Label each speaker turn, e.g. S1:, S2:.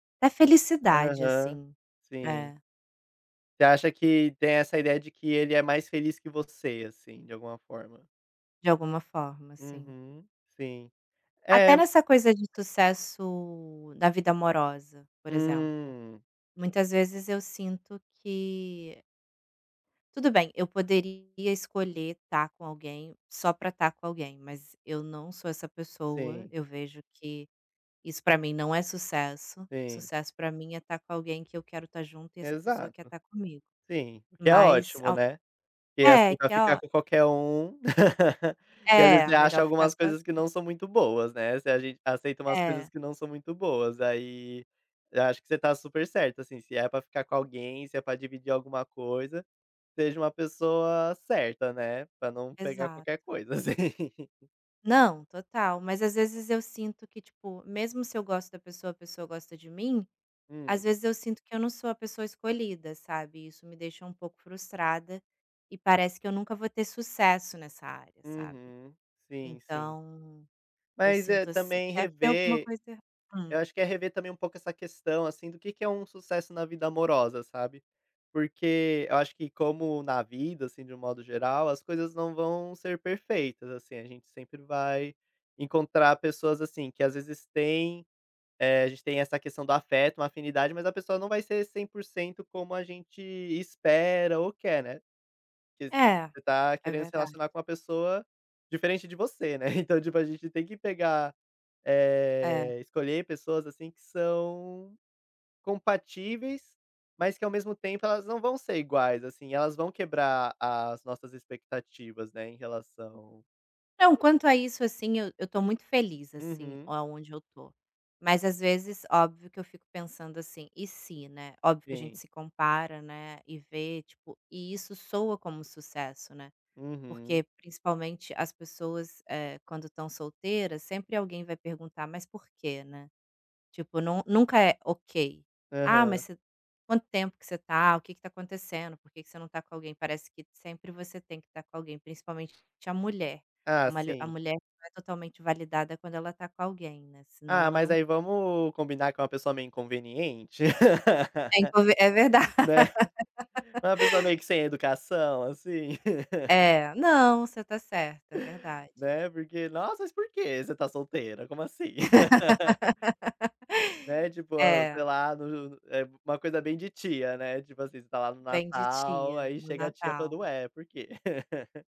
S1: Da felicidade
S2: Aham,
S1: assim,
S2: sim.
S1: é.
S2: Você acha que tem essa ideia de que ele é mais feliz que você, assim, de alguma forma?
S1: De alguma forma sim.
S2: Uhum, sim.
S1: Até
S2: É
S1: nessa coisa de sucesso na vida amorosa, por exemplo.
S2: Hum.
S1: Muitas vezes eu sinto que tudo bem, eu poderia escolher estar com alguém só para estar com alguém, mas eu não sou essa pessoa,
S2: Sim.
S1: eu vejo que isso pra mim não é sucesso,
S2: Sim.
S1: sucesso para mim é estar com alguém que eu quero estar junto e essa pessoa quer
S2: Exato,
S1: estar comigo.
S2: sim, o que é
S1: Mas
S2: ótimo,
S1: ao
S2: né, porque,
S1: é,
S2: assim, pra
S1: que é
S2: ficar
S1: ótimo.
S2: com qualquer um. E às vezes
S1: É,
S2: você acha
S1: melhor ficar
S2: algumas coisas que
S1: sozinha.
S2: não são muito boas, né, se a gente aceita umas coisas
S1: É.
S2: que não são muito boas aí, eu acho que você tá super certa, assim, se é para ficar com alguém, se é para dividir alguma coisa, seja uma pessoa certa, né, para não pegar
S1: Exato.
S2: qualquer coisa assim.
S1: Não, total, mas às vezes eu sinto que tipo, mesmo se eu gosto da pessoa, a pessoa gosta de mim, às
S2: Hum.
S1: vezes eu sinto que eu não sou a pessoa escolhida, sabe, isso me deixa um pouco frustrada, e parece que eu nunca vou ter sucesso nessa área, sabe.
S2: Uhum. Sim, sim.
S1: Então, eu
S2: Mas, eh,
S1: sinto assim
S2: também
S1: deve ter alguma
S2: rever,
S1: coisa erra
S2: eu
S1: hum.
S2: acho que é rever também um pouco essa questão, assim, do que que é um sucesso na vida amorosa, sabe? Porque eu acho que como na vida, assim, de um modo geral, as coisas não vão ser perfeitas assim, a gente sempre vai encontrar pessoas assim que às vezes têm, eh, a gente tem essa questão do afeto, uma afinidade, mas a pessoa não vai ser 100% como a gente espera ou quer, né. Porque
S1: É,
S2: você está
S1: é
S2: querendo se
S1: verdade.
S2: relacionar com uma pessoa diferente de você, né, então tipo a gente tem que pegar,
S1: É.
S2: eh, escolher pessoas assim que são compatíveis, mas que ao mesmo tempo elas não vão ser iguais, assim, elas vão quebrar a as nossas expectativas, né, em relação a
S1: Não, quanto a isso assim, eu eu estou muito feliz assim,
S2: Uhum.
S1: aonde eu estou, mas às vezes óbvio que eu fico pensando assim, "E se?" né, óbvio que a gente
S2: Sim.
S1: se compara, né, e vê tipo, e isso soa como sucesso, né, porque
S2: Uhum.
S1: principalmente as pessoas, eh, quando estão solteiras sempre alguém vai perguntar: "Mas por que?", né, tipo não nu nunca é ok. "Ah, mas
S2: Aham.
S1: você quanto tempo que você tá, o que que está acontecendo, por que que você não está com alguém?", parece que sempre você tem que estar com alguém principalmente a mulher, a
S2: Ah
S1: malha a
S2: sim.
S1: mulher totalmente validada quando ela está com alguém, né, senão
S2: Ah,
S1: ela
S2: mas
S1: não
S2: aí vamos combinar que é uma pessoa meio inconveniente,
S1: É inconv é verdade.
S2: né, uma pessoa meio que sem educação assim.
S1: É, não, você tá certo, é verdade.
S2: Né, porque, nossa mas por que você está solteira, como assim? Né tipo, ó
S1: É.
S2: sei lá no é uma coisa bem de tia, né, tipo assim você está lá no
S1: Bem de
S2: Natal,
S1: tia,
S2: aí
S1: no
S2: chega a tia
S1: Natal.
S2: falando: "Ué, por quê?"